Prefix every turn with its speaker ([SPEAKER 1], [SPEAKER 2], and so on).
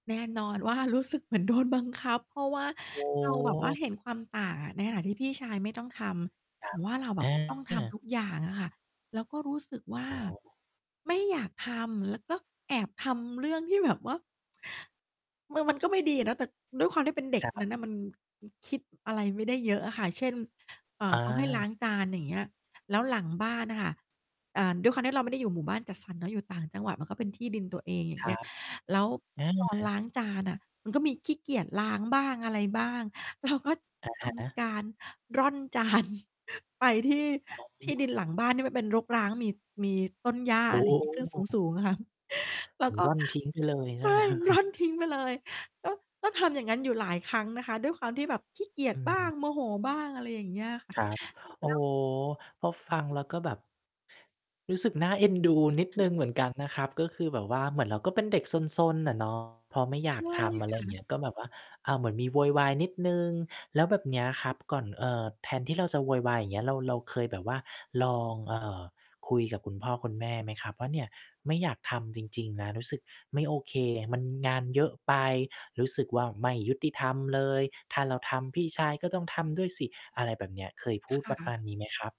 [SPEAKER 1] แน่นอนว่า รู้สึกเหมือนโดนบังคับ เพราะว่า
[SPEAKER 2] โอ
[SPEAKER 1] เราแบบว่า
[SPEAKER 2] ้
[SPEAKER 1] เห็นความต่าง ในขณะที่พี่ชายไม่ต้องท
[SPEAKER 2] ค
[SPEAKER 1] ำ
[SPEAKER 2] ร
[SPEAKER 1] แ
[SPEAKER 2] ั
[SPEAKER 1] ต่
[SPEAKER 2] บ
[SPEAKER 1] ว่าเราแบ
[SPEAKER 2] อ
[SPEAKER 1] บต้องท
[SPEAKER 2] า
[SPEAKER 1] ำทุกอย่างอะค่ะ แล้วก็รู้สึกว่า
[SPEAKER 2] โอ้
[SPEAKER 1] ไม่อยากทำ แล้วก็แอบทำเรื่องที่ แบบว่า มือ มันก็ไม่ดีอะนะ แต่ด้วยความที่เป็นเด็
[SPEAKER 2] ค
[SPEAKER 1] ก
[SPEAKER 2] รั
[SPEAKER 1] นั้
[SPEAKER 2] บ
[SPEAKER 1] นน่ะมัน อือ คิดอะไรไม่ได้เยอะอะค่ะ เช่น เอ่อ
[SPEAKER 2] อ
[SPEAKER 1] เขาให้ล้
[SPEAKER 2] า
[SPEAKER 1] างจาน อย่างเงี้ย แล้วหลังบ้านอะค่ะ อ่า ด้วยความที่เราไม่ได้อยู่หมู่บ้านจัดสรรเนาะ อยู่ต่างจังหวัด มันก็เป็นที่ดินตัวเอง อย่า
[SPEAKER 2] ค
[SPEAKER 1] งเ
[SPEAKER 2] ร
[SPEAKER 1] ง
[SPEAKER 2] ั
[SPEAKER 1] ี้ย
[SPEAKER 2] บ
[SPEAKER 1] แล้ว
[SPEAKER 2] อ
[SPEAKER 1] ตอน ล้
[SPEAKER 2] า
[SPEAKER 1] างจานอะ มันก็มีขี้เกียจล้างบ้าง อะไรบ้าง เราก็
[SPEAKER 2] อะ
[SPEAKER 1] ท
[SPEAKER 2] ฮะ
[SPEAKER 1] ำการร่อน จาน ไปที่
[SPEAKER 2] อ๋
[SPEAKER 1] ที่
[SPEAKER 2] อ
[SPEAKER 1] ดินหลังบ้านที่มันเป็นรกร้าง มี มีต้นหญ้า
[SPEAKER 2] โอ
[SPEAKER 1] อะไรงี้ ขึ้น ส
[SPEAKER 2] ้
[SPEAKER 1] ูง ๆ อะค่ะ แล้วก็
[SPEAKER 2] ร่อนทิ้งไปเลย ใช
[SPEAKER 1] ใ
[SPEAKER 2] ่
[SPEAKER 1] ช่
[SPEAKER 2] ไหมครับ?
[SPEAKER 1] ร่อนทิ้งไปเลย ก็ ก็ทำอย่างงั้นอยู่หลายครั้งนะคะ ด้วยความที่แบบขี้เกีย
[SPEAKER 2] อ
[SPEAKER 1] จบ้าง
[SPEAKER 2] ืม
[SPEAKER 1] โมโหบ้าง อะไรอย่างเงี้ย ค่
[SPEAKER 2] ค
[SPEAKER 1] ะ
[SPEAKER 2] รับ โอ้
[SPEAKER 1] แล้
[SPEAKER 2] โ
[SPEAKER 1] ว
[SPEAKER 2] ฮ พอฟังแล้วก็แบบ รู้สึกน่าเอ็นดูนิดหนึ่งเหมือนกันนะครับ ก็คือแบบว่า เหมือนเราก็เป็นเด็กซน ๆ น่ะ เนาะ พอไม่อย
[SPEAKER 1] ใช
[SPEAKER 2] าก
[SPEAKER 1] ่
[SPEAKER 2] ทำ อะไ
[SPEAKER 1] ค
[SPEAKER 2] ร
[SPEAKER 1] ่ะ
[SPEAKER 2] เงี้ย ก็แบบว่า อา เหมือนมีโวยวายนิดหนึ่ง แล้วแบบเนี้ยครับ ก่อน เอ่อ แทนที่เราจะโวยวาย อย่างเงี้ย เรา เราเคยแบบว่าลอง เอ่อ คุยกับคุณพ่อคุณแม่ไหมครับ? ว่า "เนี่ย ไม่อยากทำจริง ๆ นะ รู้สึกไม่โอเค มันงานเยอะไป รู้สึกว่า ไม่ยุติธรรมเลย ถ้าเราทำ พี่ชายก็ต้องทำด้วยสิ" อะไรแบบเนี้ย เคยพ
[SPEAKER 1] ค
[SPEAKER 2] ูดป
[SPEAKER 1] ่
[SPEAKER 2] ระม
[SPEAKER 1] ะ
[SPEAKER 2] าณนี้ไหมครับ?